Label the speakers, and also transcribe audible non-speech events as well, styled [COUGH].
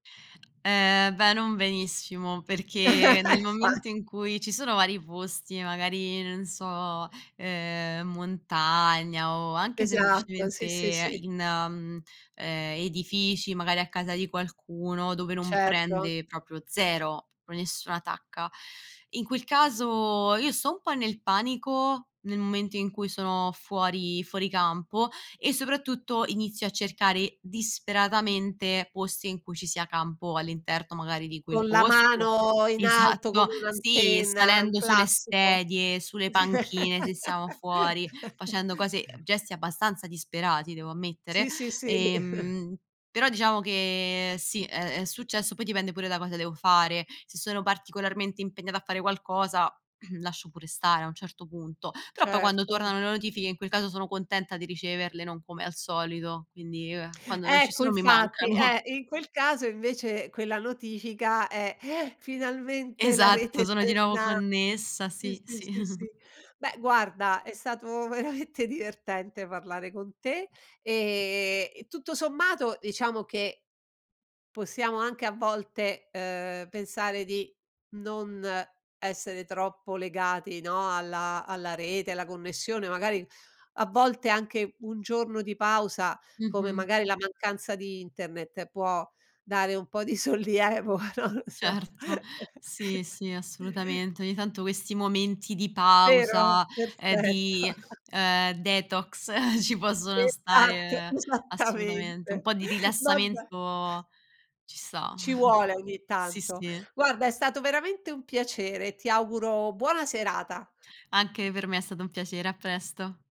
Speaker 1: Ehm, beh, non benissimo, perché nel
Speaker 2: [CHUCKLES] fa
Speaker 1: momento in cui ci sono vari posti, magari, non so, ehm, montagna o anche
Speaker 2: Esatto, sì, sì,
Speaker 1: semplicemente
Speaker 2: sì.
Speaker 1: in, mhmm, ehm, edifici, magari a casa di qualcuno dove non
Speaker 2: Certo.
Speaker 1: prende, proprio 0, pro nessuna tacca. In quel caso io sto un po' nel panico, nel momento in cui sono fuori fuori campo e soprattutto inizio a cercare disperatamente posti in cui ci sia campo all'interno magari di quel
Speaker 2: Con la
Speaker 1: posto.
Speaker 2: mano in alto
Speaker 1: Esatto,
Speaker 2: come
Speaker 1: sì,
Speaker 2: un'antenna,
Speaker 1: salendo sulle
Speaker 2: classico.
Speaker 1: sedie, sulle panchine, se siamo fuori, facendo cose
Speaker 2: [LAUGHS]
Speaker 1: gesti abbastanza disperati devo ammettere,
Speaker 2: Sì, sì, sì. [CHUCKLES]
Speaker 1: ehm, però diciamo che sì, è è successo, poi dipende pure da cosa devo fare. Se sono particolarmente impegnata a fare qualcosa [CLEARS THROAT] lascio pure stare a un certo punto, però poi quando
Speaker 2: Certo.
Speaker 1: tornano le notifiche in quel caso sono contenta di riceverle, non come al solito, quindi, ehm, quando non ci
Speaker 2: Ecco,
Speaker 1: sono mi
Speaker 2: infatti,
Speaker 1: mancano.
Speaker 2: eh. In quel caso invece quella notifica è: [GASPS] "Finalmente la rete
Speaker 1: Esatto,
Speaker 2: è
Speaker 1: sono di nuovo
Speaker 2: torna"
Speaker 1: connessa,
Speaker 2: sì,
Speaker 1: sì,
Speaker 2: sì,
Speaker 1: sì.
Speaker 2: sì,
Speaker 1: [CHUCKLES]
Speaker 2: sì. Beh, guarda è stato veramente divertente parlare con te e e tutto sommato, diciamo che, possiamo anche a volte, uhm, pensare di non essere troppo legati, no, alla alla rete, alla connessione, magari a volte anche un giorno di pausa, come
Speaker 1: Mh-mh.
Speaker 2: magari la mancanza di internet, può dare un po' di sollievo, non lo so.
Speaker 1: Certo, sì, sì,
Speaker 2: [CHUCKLES]
Speaker 1: assolutamente. Ogni tanto questi momenti di
Speaker 2: Vero?
Speaker 1: pausa, ehm,
Speaker 2: Perfetto.
Speaker 1: di,
Speaker 2: [CHUCKLES]
Speaker 1: ehm, detox [CHUCKLES] ci possono
Speaker 2: Esatto,
Speaker 1: stare, assolutamente. Un
Speaker 2: esattamente.
Speaker 1: po' di
Speaker 2: Vabbè.
Speaker 1: rilassamento ci sta.
Speaker 2: Ci vuole
Speaker 1: [CHUCKLES]
Speaker 2: ogni
Speaker 1: Sì,
Speaker 2: tanto.
Speaker 1: sì.
Speaker 2: Guarda, è stato veramente un piacere. Ti auguro buona serata.
Speaker 1: Anche per me è stato un piacere, a presto.